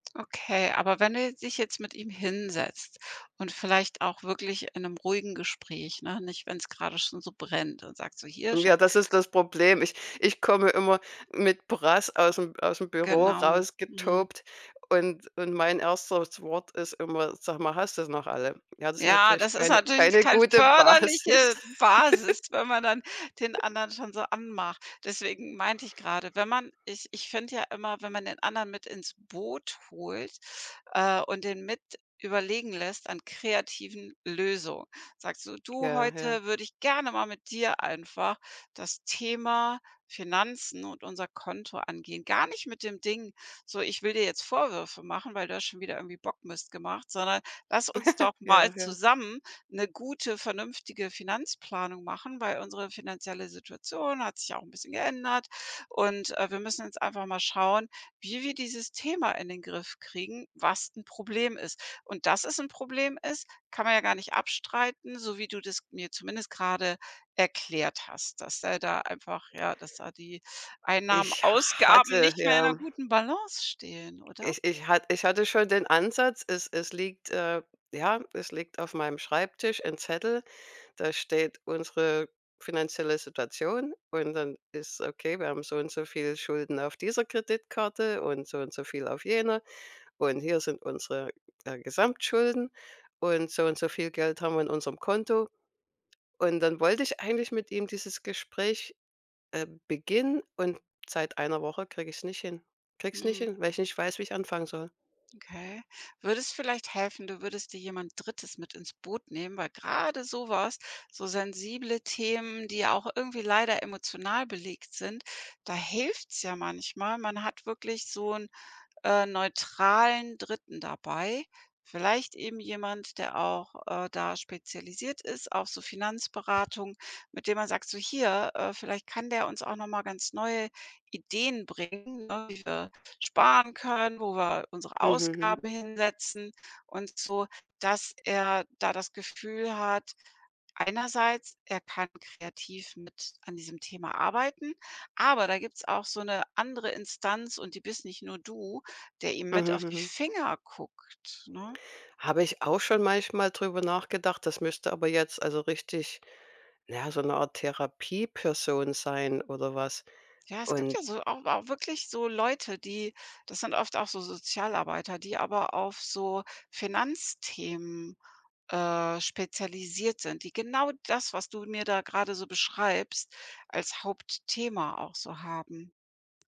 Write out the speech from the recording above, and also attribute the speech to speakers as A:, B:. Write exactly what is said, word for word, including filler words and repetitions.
A: Okay, aber wenn du dich jetzt mit ihm hinsetzt und vielleicht auch wirklich in 'nem ruhigen Gespräch, ne? Nicht wenn's grade schon so brennt, dann sagst du: Hier Scha“
B: Ja, das ist
A: [unintelligible]
B: das Problem. Ich ich komme immer mit Brass aus 'm aus 'm Büro
A: Genau, mhm.
B: rausgetobt und und mein erstes Wort ist immer: „Sag mal, hast du sie noch alle?“ Ja, das ist
A: Ja,
B: natürlich
A: das ist
B: keine
A: natürlich
B: keine
A: kein
B: gute Basis.
A: förderliche Basis, wenn man dann den anderen schon so anmacht, deswegen meinte ich gerade, wenn man ich ich finde ja immer, wenn man den anderen mit ins Boot holt, äh, und den mit überlegen lässt an kreativen Löso sagst so: „Du,
B: Ja, ja.
A: heute würde ich gerne mal mit dir einfach das Thema Finanzen und unser Konto angehen.“ Gar nicht mit dem Ding, so: „Ich will dir jetzt Vorwürfe machen, weil du hast schon wieder irgendwie Bockmist gemacht, sondern lass uns doch mal
B: Ja, ja.
A: zusammen 'ne gute, vernünftige Finanzplanung machen, weil unsere finanzielle Situation hat sich auch 'n bisschen geändert. Und, äh, wir müssen jetzt einfach mal schauen, wie wir dieses Thema in den Griff kriegen, was 'n Problem ist.“ Und dass es 'n Problem ist, kann man ja gar nicht abstreiten, so wie du das mir zumindest grade erklärt hast, dass er da einfach ja, dass da die Einnahmen,
B: Ich ha
A: Ausgaben
B: hatte
A: nicht mehr in 'ner
B: ja.
A: guten Balance stehen, oder?
B: Ich ich hat ich hatte schon den Ansatz, es es liegt, äh ja, es liegt auf meinem Schreibtisch 'n Zettel, da steht unsere finanzielle Situation und dann ist okay, wir haben so und so viele Schulden auf dieser Kreditkarte und so und so viel auf jene und hier sind unsere, äh, Gesamtschulden und so und so viel Geld haben wir in unserem Konto. Und dann wollte ich eigentlich mit ihm dieses Gespräch, äh, beginnen und seit einer Woche kriege ich es nicht hin. Kriege es nicht
A: Mhm.
B: hin, weil ich nicht weiß, wie ich anfangen soll.
A: Okay, würde es vielleicht helfen, du würdest dir jemand Drittes mit ins Boot nehmen, weil grade so was so sensible Themen, die ja auch irgendwie leider emotional belegt sind, da hilft's ja manchmal. Man hat wirklich so 'n, äh, neutralen Dritten dabei. Vielleicht eben jemand, der auch, äh, da spezialisiert ist auf so Finanzberatung, mit dem man sagt, so hier, äh, vielleicht kann der uns auch noch mal ganz neue Ideen bringen, ne? Wie wir sparen können, wo wir unsere
B: Mhm, hm.
A: Ausgaben hinsetzen und so dass er da das Gefühl hat, einerseits, er kann kreativ mit an diesem Thema arbeiten, aber da gibt's auch so 'ne andere Instanz und die bist nicht nur du, der ihm mit
B: Mhm,
A: auf die
B: mhm.
A: Finger guckt, ne?
B: Habe ich auch schon manchmal drüber nachgedacht. Das müsste aber jetzt also richtig, naja, so 'ne Art Therapieperson sein oder was.
A: Ja, es gibt
B: Und
A: ja so auch auch wirklich so Leute, die das sind oft auch so Sozialarbeiter, die aber auf so Finanzthemen, äh, spezialisiert sind, die genau das, was du mir da gerade so beschreibst, als Hauptthema auch so haben.